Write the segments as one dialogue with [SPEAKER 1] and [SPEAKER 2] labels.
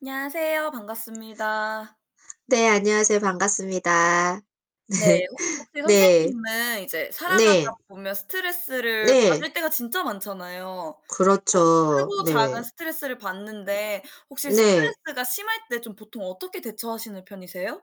[SPEAKER 1] 안녕하세요. 반갑습니다.
[SPEAKER 2] 네, 안녕하세요. 반갑습니다.
[SPEAKER 1] 네 혹 혹시
[SPEAKER 2] 네. 네.
[SPEAKER 1] 선생님은 이제 살아가다
[SPEAKER 2] 네.
[SPEAKER 1] 보면 스트레스를
[SPEAKER 2] 네.
[SPEAKER 1] 받을 때가 진짜 많잖아요. 뭐
[SPEAKER 2] 그렇죠,
[SPEAKER 1] 크고 작은
[SPEAKER 2] 네.
[SPEAKER 1] 스트레스를 받는데 혹시
[SPEAKER 2] 네.
[SPEAKER 1] 스트레스가 심할 때 좀 보통 어떻게 대처하시는 편이세요?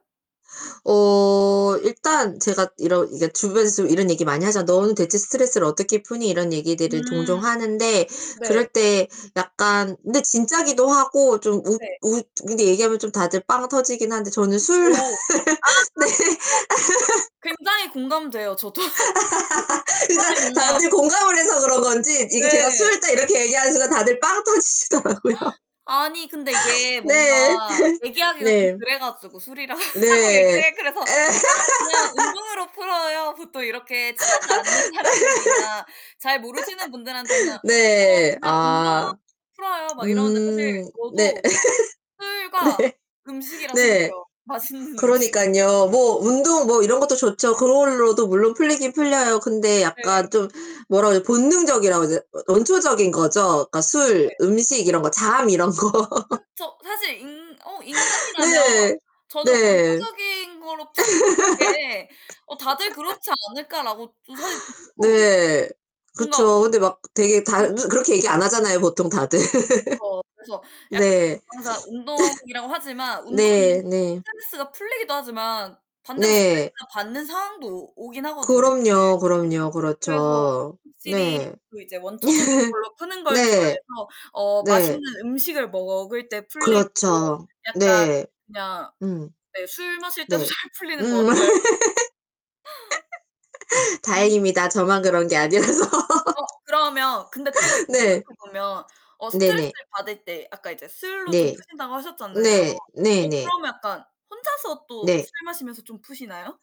[SPEAKER 2] 어 일단 제가 이러 그니까 주변에서 좀 이런 얘기 많이 하잖아. "너는 대체 스트레스를 어떻게 푸니." 이런 얘기들을 종종
[SPEAKER 1] 음.
[SPEAKER 2] 하는데 그럴
[SPEAKER 1] 네.
[SPEAKER 2] 때 약간 근데 진짜기도 하고 좀 웃
[SPEAKER 1] 네.
[SPEAKER 2] 웃 근데 얘기하면 좀 다들 빵 터지긴 한데 저는 술
[SPEAKER 1] 오. 아.
[SPEAKER 2] 네.
[SPEAKER 1] 어 굉장히 공감돼요. 저도 그쵸.
[SPEAKER 2] 그러니까
[SPEAKER 1] 사실 뭔가
[SPEAKER 2] 다들 공감을 해서 그런 건지 이게 제가
[SPEAKER 1] 네.
[SPEAKER 2] "술." 딱 이렇게 얘기하는 순간 다들 빵 터지시더라고요.
[SPEAKER 1] 아니 근데 이게
[SPEAKER 2] 네.
[SPEAKER 1] 뭔가 얘기하기가 좀
[SPEAKER 2] 네.
[SPEAKER 1] 그래 가지고 술이라 하고
[SPEAKER 2] 네. 에.
[SPEAKER 1] 얘기해 그래서 "아 그냥 운동으로 풀어요." 보통 이렇게 친하지 않는 사람들이나 잘 모르시는 분들한테는
[SPEAKER 2] 네.
[SPEAKER 1] "어
[SPEAKER 2] 네.
[SPEAKER 1] 그냥 운동으로
[SPEAKER 2] 아.
[SPEAKER 1] 풀어요." 막 이러는데 사실
[SPEAKER 2] 음 네.
[SPEAKER 1] 저도 술과
[SPEAKER 2] 네.
[SPEAKER 1] 음식이라고
[SPEAKER 2] 네.
[SPEAKER 1] 생각해요, 맛있는 음식.
[SPEAKER 2] 그러니깐요. 뭐 운동 뭐 이런 것도 좋죠. 그걸로도 물론 풀리긴 풀려요. 근데 약간
[SPEAKER 1] 네.
[SPEAKER 2] 좀 뭐라고 해야지 본능적이라고 해야 되나? 원초적인 거죠. 그니까 술,
[SPEAKER 1] 네.
[SPEAKER 2] 음식 이런 거 잠 이런 거.
[SPEAKER 1] 그쵸. 사실 인 어 인간이라면
[SPEAKER 2] 네.
[SPEAKER 1] 저는
[SPEAKER 2] 네.
[SPEAKER 1] 원초적인 거로 푸는 게 어 '다들 그렇지 않을까.'라고 저 사실 생각하거든.
[SPEAKER 2] 네.
[SPEAKER 1] 뭔가
[SPEAKER 2] 그쵸. 근데 막 되게 다
[SPEAKER 1] 네.
[SPEAKER 2] 그 그렇게 얘기 안 하잖아요, 보통 다들.
[SPEAKER 1] 그쵸. 그래서 약
[SPEAKER 2] 네.
[SPEAKER 1] 항상 운동이라고 하지만 운동이
[SPEAKER 2] 네네.
[SPEAKER 1] 스트레스가 풀리기도 하지만 반대로
[SPEAKER 2] 네.
[SPEAKER 1] 스트레스를 받는 상황도 오 오긴 하거든요 사실.
[SPEAKER 2] 그럼요, 그럼요.
[SPEAKER 1] 그래서
[SPEAKER 2] 그렇죠.
[SPEAKER 1] 확실히
[SPEAKER 2] 네.
[SPEAKER 1] 그 이제 원초적인 걸로 푸는 걸
[SPEAKER 2] 네.
[SPEAKER 1] 좋아해서 어
[SPEAKER 2] 네.
[SPEAKER 1] 맛있는 음식을 먹을 때 풀리고
[SPEAKER 2] 그렇죠.
[SPEAKER 1] 약간
[SPEAKER 2] 네.
[SPEAKER 1] 그냥
[SPEAKER 2] 음.
[SPEAKER 1] 네. 술 마실 때도
[SPEAKER 2] 네.
[SPEAKER 1] 잘 풀리는 것
[SPEAKER 2] 음.
[SPEAKER 1] 같아요. 음.
[SPEAKER 2] 다행입니다. 저만 그런 게 아니라서.
[SPEAKER 1] 어 그러면 근데 또 이게 생각해
[SPEAKER 2] 네.
[SPEAKER 1] 보면 어
[SPEAKER 2] 네네.
[SPEAKER 1] 스트레스를 받을 때 아까 이제 술로 좀
[SPEAKER 2] 네.
[SPEAKER 1] 푸신다고 하셨잖아요.
[SPEAKER 2] 네.
[SPEAKER 1] 어
[SPEAKER 2] 네네.
[SPEAKER 1] 그러면 약간 혼자서 또
[SPEAKER 2] 네.
[SPEAKER 1] 술 마시면서 좀 푸시나요?